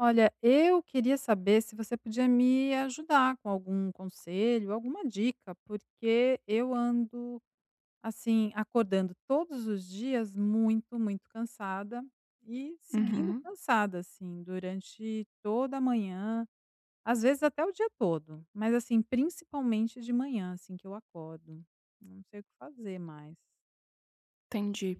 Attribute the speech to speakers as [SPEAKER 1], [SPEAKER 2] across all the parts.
[SPEAKER 1] Olha, eu queria saber se você podia me ajudar com algum conselho, alguma dica, porque eu ando, assim, acordando todos os dias muito, muito cansada e seguindo
[SPEAKER 2] Uhum.
[SPEAKER 1] cansada, assim, durante toda a manhã, às vezes, até o dia todo. Mas, assim, principalmente de manhã, assim, que eu acordo, eu não sei o que fazer mais.
[SPEAKER 2] Entendi.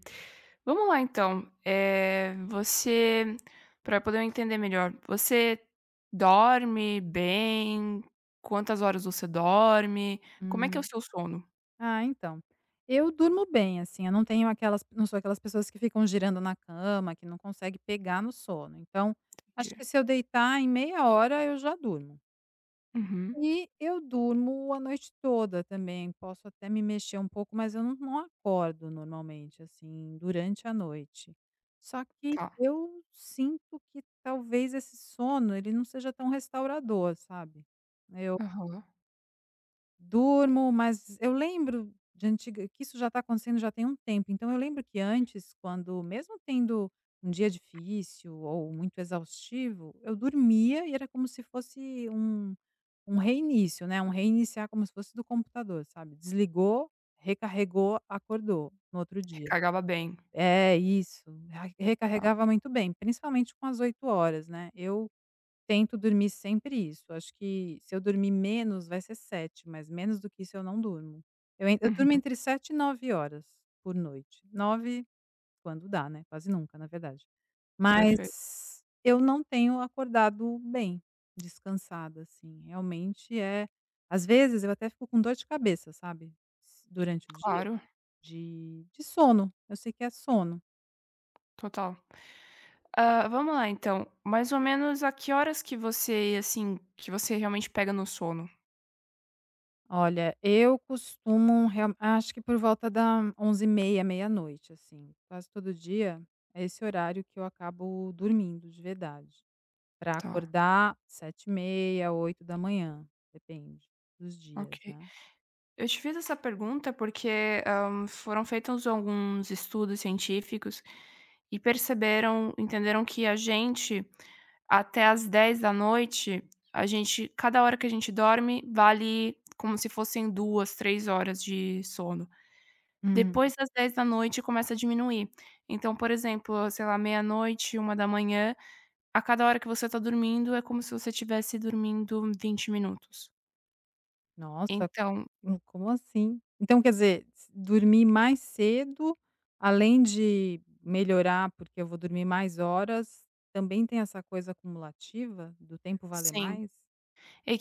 [SPEAKER 2] Vamos lá então, eh, você para eu poder entender melhor, você dorme bem? Quantas horas você dorme? Como é que é o
[SPEAKER 1] Hum.
[SPEAKER 2] seu sono?
[SPEAKER 1] Ah, então, eu durmo bem, assim, eu não tenho aquelas eu não sou aquelas pessoas que ficam girando na cama, que não consegue pegar no sono. Então, acho que
[SPEAKER 2] Entendi.
[SPEAKER 1] se eu deitar, em meia hora eu já durmo.
[SPEAKER 2] Uhum.
[SPEAKER 1] E eu durmo a noite toda também, posso até me mexer um pouco, mas eu não não acordo normalmente, assim, durante a noite. Só que
[SPEAKER 2] Tá.
[SPEAKER 1] eu sinto que, talvez, esse sono ele não seja tão restaurador, sabe. Eu
[SPEAKER 2] Aham.
[SPEAKER 1] Durmo, mas eu lembro de antiga que isso já tá acontecendo já tem um tempo, então eu lembro que, antes, quando mesmo tendo um dia difícil ou muito exaustivo, eu dormia e era como se fosse um um reinício, né, um reiniciar, como se fosse do computador, sabe: desligou, recarregou, acordou no outro dia.
[SPEAKER 2] Recarregava bem.
[SPEAKER 1] É, isso, ai,
[SPEAKER 2] Tá.
[SPEAKER 1] recarregava muito bem, principalmente com as 8 horas, né. Eu tento dormir sempre isso. Acho que, se eu dormir menos, vai ser 7, mas menos do que isso eu não durmo. Eu en eu
[SPEAKER 2] Uhum.
[SPEAKER 1] durmo entre 7 e 9 horas por noite. 9, quando dá, né, quase nunca, na verdade.
[SPEAKER 2] Perfeito.
[SPEAKER 1] Mas eu não tenho acordado bem descansada, assim. Realmente, é às vezes, eu até fico com dor de cabeça, sabe, durante o dia,
[SPEAKER 2] Claro.
[SPEAKER 1] de de sono. Eu sei que é sono.
[SPEAKER 2] Total. Hã, vamos lá, então, mais ou menos a que horas que você, assim, que você realmente pega no sono?
[SPEAKER 1] Olha, eu costumo real acho que por volta da 23h30, meia-noite, assim. Quase todo dia, é esse horário que eu acabo dormindo de verdade pra
[SPEAKER 2] Tá.
[SPEAKER 1] acordar 7h30, 8, depende dos dias,
[SPEAKER 2] Ok.
[SPEAKER 1] né.
[SPEAKER 2] Eu te fiz essa pergunta, porque, hã, foram feitos alguns estudos científicos e perceberam entenderam que, a gente, até às 22h, a gente cada hora que a gente dorme vale como se fossem 2, 3 horas de sono.
[SPEAKER 1] Hum.
[SPEAKER 2] Depois das 22h, começa a diminuir. Então, por exemplo, sei lá, meia-noite, 1h, a cada hora que você tá dormindo, é como se você tivesse dormindo 20 minutos.
[SPEAKER 1] Nossa,
[SPEAKER 2] Então
[SPEAKER 1] co como assim? Então, quer dizer, s dormir mais cedo, além de melhorar porque eu vou dormir mais horas, também tem essa coisa acumulativa do tempo valer
[SPEAKER 2] Sim,
[SPEAKER 1] mais?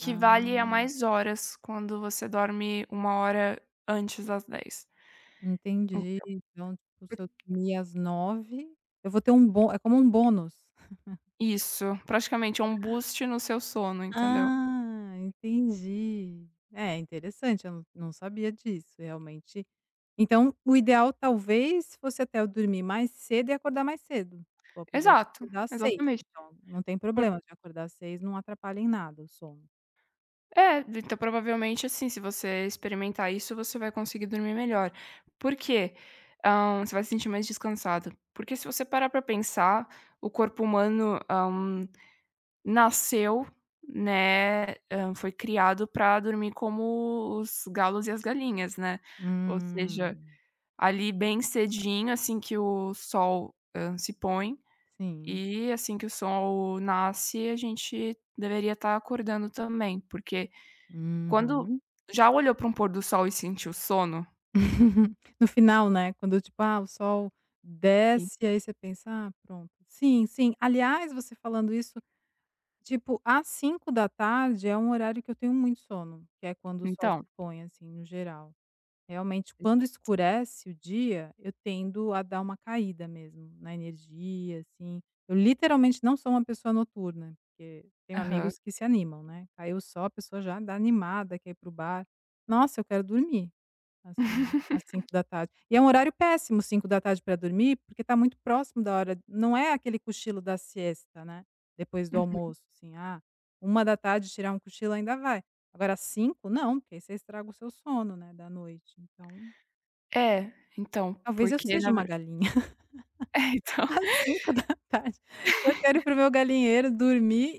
[SPEAKER 1] Ah!
[SPEAKER 2] a mais horas quando você dorme 1 hora antes das 22h. Então,
[SPEAKER 1] Entendi. Então, tipo,
[SPEAKER 2] por
[SPEAKER 1] se eu dormir às 21h, eu vou ter um bom é como um bônus.
[SPEAKER 2] Isso, praticamente é um boost no seu sono, entendeu?
[SPEAKER 1] Ah, entendi. É, interessante, eu não não sabia disso, realmente Então, o ideal talvez fosse até eu dormir mais cedo e acordar mais cedo. Ou podia
[SPEAKER 2] Exato,
[SPEAKER 1] acordar às 6,
[SPEAKER 2] exatamente.
[SPEAKER 1] então, não tem
[SPEAKER 2] Por
[SPEAKER 1] problema de acordar às 6, não atrapalha em nada o sono.
[SPEAKER 2] É, de então, provavelmente, assim, se você experimentar isso, você vai conseguir dormir melhor. Por quê? Hã, você vai se sentir mais descansada. Porque se você parar pra pensar, o corpo humano, hã, nasceu, né, hã, foi criado pra dormir como os galos e as galinhas, né, ou seja,
[SPEAKER 1] Hum.
[SPEAKER 2] ali, bem cedinho, assim, que o sol, hã, se põe,
[SPEAKER 1] Sim.
[SPEAKER 2] eh, assim, que o sol nasce, a gente deveria tá acordando também, porque quando
[SPEAKER 1] Uhum.
[SPEAKER 2] já olhou pra um pôr do sol e sentiu sono?
[SPEAKER 1] No final, né, quando tipo, ah, o sol
[SPEAKER 2] E
[SPEAKER 1] desce, aí você pensa: "Ah, pronto". Sim, sim. Aliás, você falando isso, tipo, às 17h é um horário que eu tenho muito sono, que é quando o sol se
[SPEAKER 2] Então.
[SPEAKER 1] põe, assim, no geral. Realmente, quando
[SPEAKER 2] [unintelligible]
[SPEAKER 1] escurece o dia, eu tendo a dar uma caída mesmo na energia, assim. Eu literalmente não sou uma pessoa noturna, porque tenho
[SPEAKER 2] Aham.
[SPEAKER 1] amigos que se animam, né, caiu o sol, a pessoa já anda animada, quer ir pro bar. Nossa, eu quero dormir, assim, às cinco da tarde. E é um horário péssimo 17h pra dormir, porque tá muito próximo da hora não é aquele cochilo da siesta né, depois do
[SPEAKER 2] Uhum.
[SPEAKER 1] almoço, assim, ah, 13h tirar um cochilo ainda vai. Agora 17h, não! Porque, aí, você estraga o seu sono, né, da noite. Então
[SPEAKER 2] É, então,
[SPEAKER 1] Talvez eu
[SPEAKER 2] porque
[SPEAKER 1] seja
[SPEAKER 2] na
[SPEAKER 1] uma
[SPEAKER 2] ver
[SPEAKER 1] galinha.
[SPEAKER 2] É, então
[SPEAKER 1] Às 17h, eu quero ir pro meu galinheiro dormir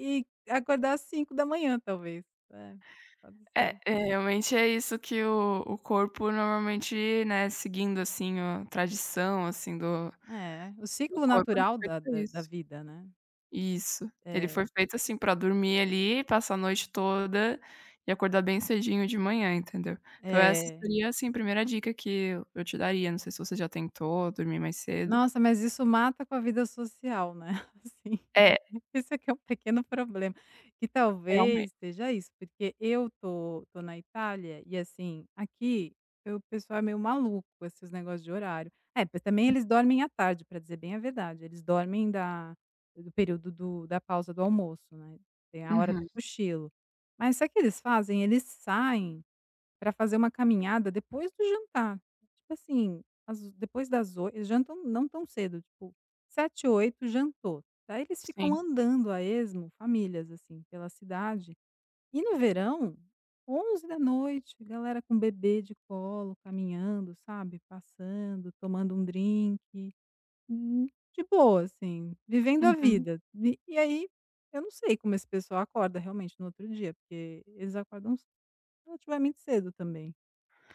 [SPEAKER 1] e acordar às 5h, talvez. É, pode
[SPEAKER 2] É,
[SPEAKER 1] ser.
[SPEAKER 2] eh, realmente é isso que o o corpo normalmente, né, seguindo, assim, a tradição, assim, do
[SPEAKER 1] É, o
[SPEAKER 2] do
[SPEAKER 1] ciclo
[SPEAKER 2] corpo, ele
[SPEAKER 1] natural
[SPEAKER 2] foi feito
[SPEAKER 1] da
[SPEAKER 2] pra
[SPEAKER 1] da da
[SPEAKER 2] isso.
[SPEAKER 1] vida, né?
[SPEAKER 2] Isso, ele foi
[SPEAKER 1] É.
[SPEAKER 2] feito, assim, pra dormir, ali, passar a noite toda e acordar bem cedinho de manhã, entendeu? Então, essa
[SPEAKER 1] É.
[SPEAKER 2] seria, assim, a 1º dica que eu eu te daria, não sei se você já tentou dormir mais cedo.
[SPEAKER 1] Nossa, mas isso mata com a vida social, né, assim,
[SPEAKER 2] É.
[SPEAKER 1] esse é que é o pequeno problema que
[SPEAKER 2] Realmen
[SPEAKER 1] talvez seja isso, porque eu tô tô na Itália e, assim, aqui o pessoal é meio maluco com esses negócios de horário. É, mas também eles dormem à tarde, pra dizer bem a verdade, eles dormem da do período do da pausa do almoço, né, tem a hora do
[SPEAKER 2] Uhum.
[SPEAKER 1] cochilo. Mas sabe o que eles fazem? Eles saem pra fazer uma caminhada depois do jantar. Tipo, assim, às oi depois das oi eles jantam não tão cedo, tipo 19h, 20h, jantou. Aí eles ficam
[SPEAKER 2] Sim
[SPEAKER 1] andando a esmo, famílias, assim, pela cidade. E no verão 23h, galera com bebê de colo, caminhando, sabe, passando, tomando um drink. Hum, de boa, assim, vivendo a
[SPEAKER 2] Uhum.
[SPEAKER 1] vida, vi E, e aí, eu não sei como esse pessoal acorda realmente no outro dia, porque eles acordam ce relativamente cedo também,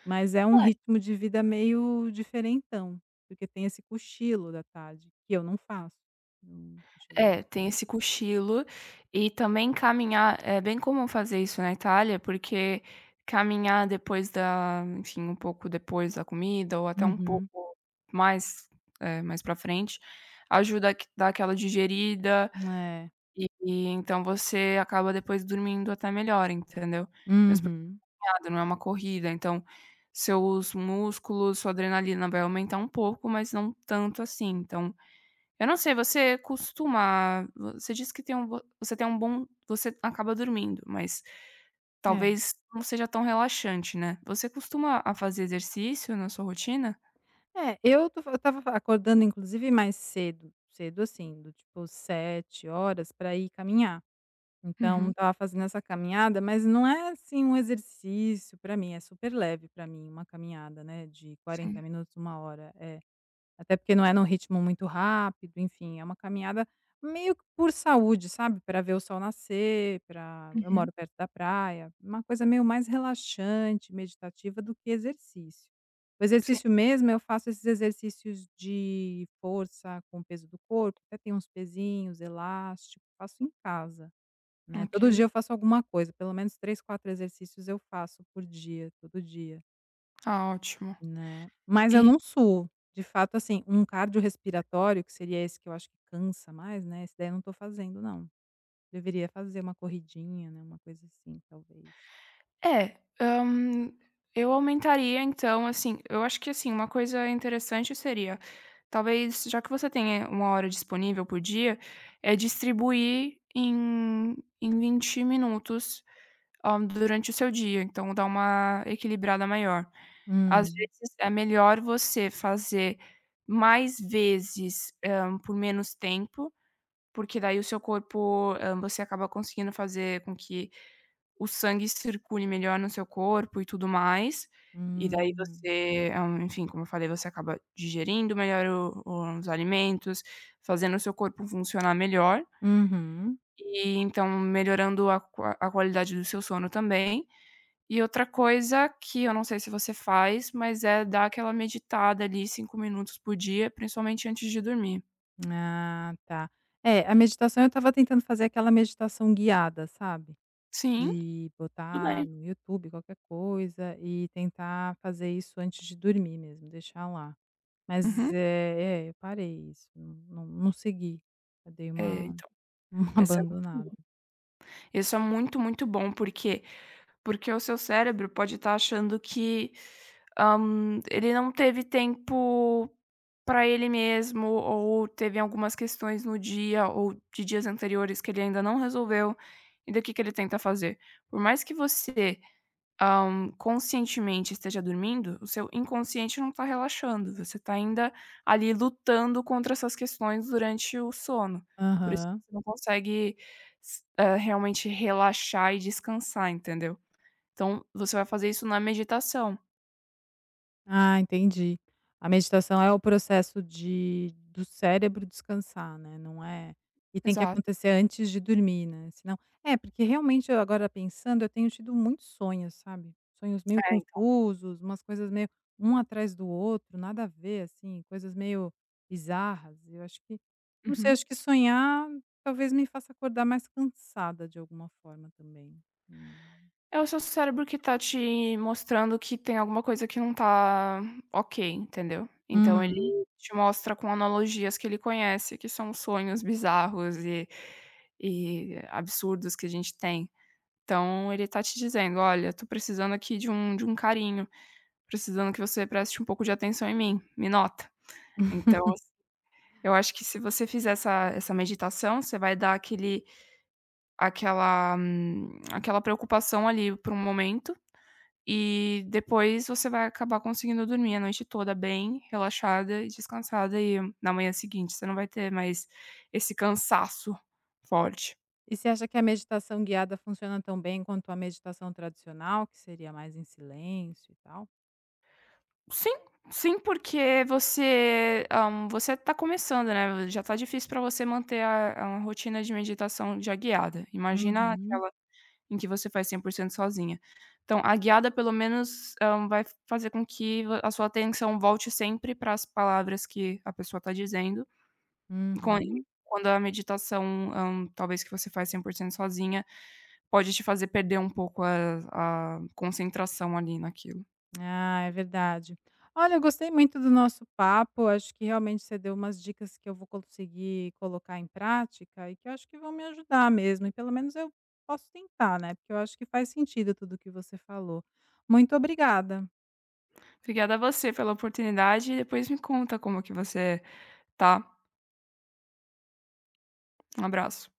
[SPEAKER 1] mas é um
[SPEAKER 2] É.
[SPEAKER 1] ritmo de vida meio diferentão, porque tem esse cochilo da tarde, que eu não faço, eu não cochilo à
[SPEAKER 2] É, tem
[SPEAKER 1] tarde.
[SPEAKER 2] esse cochilo e também caminhar é bem comum fazer isso na Itália, porque caminhar depois da enfim, um pouco depois da comida ou até um
[SPEAKER 1] Uhum.
[SPEAKER 2] pouco mais eh, mais pra frente, ajuda a q dar aquela digerida
[SPEAKER 1] É.
[SPEAKER 2] eh eh, então, você acaba depois dormindo até melhor, entendeu? Mesmo, porque
[SPEAKER 1] Uhum.
[SPEAKER 2] é uma caminhada, não é uma corrida, então, seus músculos, sua adrenalina vai aumentar um pouco, mas não tanto, assim. Então, eu não sei, você costuma você disse que tem um bom você tem um bom você acaba dormindo, mas
[SPEAKER 1] É.
[SPEAKER 2] talvez não seja tão relaxante, né, você costuma a fazer exercício na sua rotina?
[SPEAKER 1] É, eu tô fa estava acordando inclusive mais cedo, cedo, assim, do tipo 7h pra ir caminhar. Então,
[SPEAKER 2] Uhum.
[SPEAKER 1] estava fazendo essa caminhada, mas não é, assim, um exercício pra mim, é super leve pra mim uma caminhada, né, de
[SPEAKER 2] Sim.
[SPEAKER 1] 40 minutos, 1h hora É. Até porque não é num ritmo muito rápido, enfim, é uma caminhada meio que por saúde, sabe, pra ver o sol nascer, pra eu
[SPEAKER 2] Uhum.
[SPEAKER 1] moro perto da praia, uma coisa meio mais relaxante, meditativa, do que exercício. O
[SPEAKER 2] Sim.
[SPEAKER 1] exercício mesmo eu faço esses exercícios de força com peso do corpo, até tenho uns pesinhos, elástico, faço em casa, né, todo
[SPEAKER 2] Ok.
[SPEAKER 1] dia eu faço alguma coisa, pelo menos 3, 4 exercícios eu faço por dia, todo dia.
[SPEAKER 2] Tá ótimo.
[SPEAKER 1] Né. Mas eu
[SPEAKER 2] E
[SPEAKER 1] não suo. De fato, assim, um cardiorrespiratório, que seria esse que eu acho que cansa mais, né, esse daí eu não tô fazendo, não. Deveria fazer uma corridinha, né, uma coisa assim, talvez.
[SPEAKER 2] É, hã, eu aumentaria, então, assim eu acho que, assim, uma coisa interessante seria: talvez, já que você tem aí, 1 hora disponível por dia, é distribuir em em 20 minutos, hã, durante o seu dia, então dá uma equilibrada maior. Às
[SPEAKER 1] Hum.
[SPEAKER 2] vezes, é melhor você fazer mais vezes, hã, por menos tempo, porque daí o seu corpo, hã você acaba conseguindo fazer com que o sangue circule melhor no seu corpo e tudo mais. E daí
[SPEAKER 1] Hum.
[SPEAKER 2] você, hã, enfim, como eu falei, você acaba digerindo melhor o o os alimentos, fazendo o seu corpo funcionar melhor
[SPEAKER 1] Uhum.
[SPEAKER 2] e, então, melhorando a qua a qualidade do seu sono também. E outra coisa, que eu não sei se você faz, mas é dar aquela meditada, ali, 5 minutos por dia, principalmente antes de dormir.
[SPEAKER 1] Ah, tá. É, a meditação eu estava tentando fazer aquela meditação guiada, sabe,
[SPEAKER 2] Sim,
[SPEAKER 1] de
[SPEAKER 2] tudo
[SPEAKER 1] botar
[SPEAKER 2] bem.
[SPEAKER 1] no YouTube qualquer coisa e tentar fazer isso antes de dormir mesmo, deixar lá. Mas,
[SPEAKER 2] Uhum.
[SPEAKER 1] é é, eu parei isso, não não não segui. Eu dei
[SPEAKER 2] É,
[SPEAKER 1] uma
[SPEAKER 2] então,
[SPEAKER 1] uma
[SPEAKER 2] essa é muito
[SPEAKER 1] abandonada.
[SPEAKER 2] boa. Isso é muito, muito bom, por quê? Porque o seu cérebro pode estar achando que, hã, ele não teve tempo para ele mesmo ou teve algumas questões no dia, ou de dias anteriores, que ele ainda não resolveu, e daí o que que ele tenta fazer? Por mais que você, hã, conscientemente esteja dormindo, o seu inconsciente não está relaxando, você está ainda ali lutando contra essas questões durante o sono, por isso
[SPEAKER 1] Aham.
[SPEAKER 2] que você não consegue s é, realmente relaxar e descansar, entendeu? Então você vai fazer isso na meditação.
[SPEAKER 1] Ah, entendi. A meditação é o processo de do cérebro descansar, né, não é e tem que
[SPEAKER 2] Exato.
[SPEAKER 1] acontecer antes de dormir, né, senão é, porque realmente eu agora pensando, eu tenho tido muitos sonhos, sabe, sonhos meio
[SPEAKER 2] É, então.
[SPEAKER 1] confusos, umas coisas meio um atrás do outro, nada a ver, assim, coisas meio bizarras. Eu acho que, não sei,
[SPEAKER 2] Uhum.
[SPEAKER 1] acho que sonhar talvez me faça acordar mais cansada de alguma forma também. Hum.
[SPEAKER 2] É o seu cérebro que está te mostrando que tem alguma coisa que não está ok, entendeu. Então ele
[SPEAKER 1] Uhum.
[SPEAKER 2] te mostra com analogias que ele conhece, que são sonhos bizarros e e absurdos que a gente tem. Então ele está te dizendo: "Olha, eu estou precisando aqui de um de um carinho, precisando que você preste um pouco de atenção em mim, me nota!". Então, assim, eu acho que se você fizer essa essa meditação, você vai dar aquele aquela aquela preocupação ali, por um momento e depois você vai acabar conseguindo dormir a noite toda bem relaxada e descansada, e na manhã seguinte você não vai ter mais esse cansaço forte.
[SPEAKER 1] E você acha que a meditação guiada funciona tão bem quanto a meditação tradicional, que seria mais em silêncio, e tal?
[SPEAKER 2] Sim, sim, porque você, hã, você tá começando, né, já tá difícil pra você manter a a a rotina de meditação já guiada, imagina
[SPEAKER 1] Uhum.
[SPEAKER 2] aquela em que você faz 100% sozinha. Então, a guiada pelo menos, hã, vai fazer com que va a sua atenção volte sempre para as palavras que a pessoa tá dizendo, com em
[SPEAKER 1] Uhum.
[SPEAKER 2] quando a meditação, hã, talvez que você faz 100% sozinha, pode te fazer perder um pouco a a concentração, ali, naquilo.
[SPEAKER 1] Ah, é verdade. Olha, eu gostei muito do nosso papo, acho que realmente você deu umas dicas que eu vou conseguir colocar em prática e que eu acho que vão me ajudar mesmo, e pelo menos eu posso tentar, né, porque eu acho que faz sentido tudo que você falou. Muito obrigada.
[SPEAKER 2] Obrigada você pela oportunidade e depois me conta como que você, tá. Um abraço.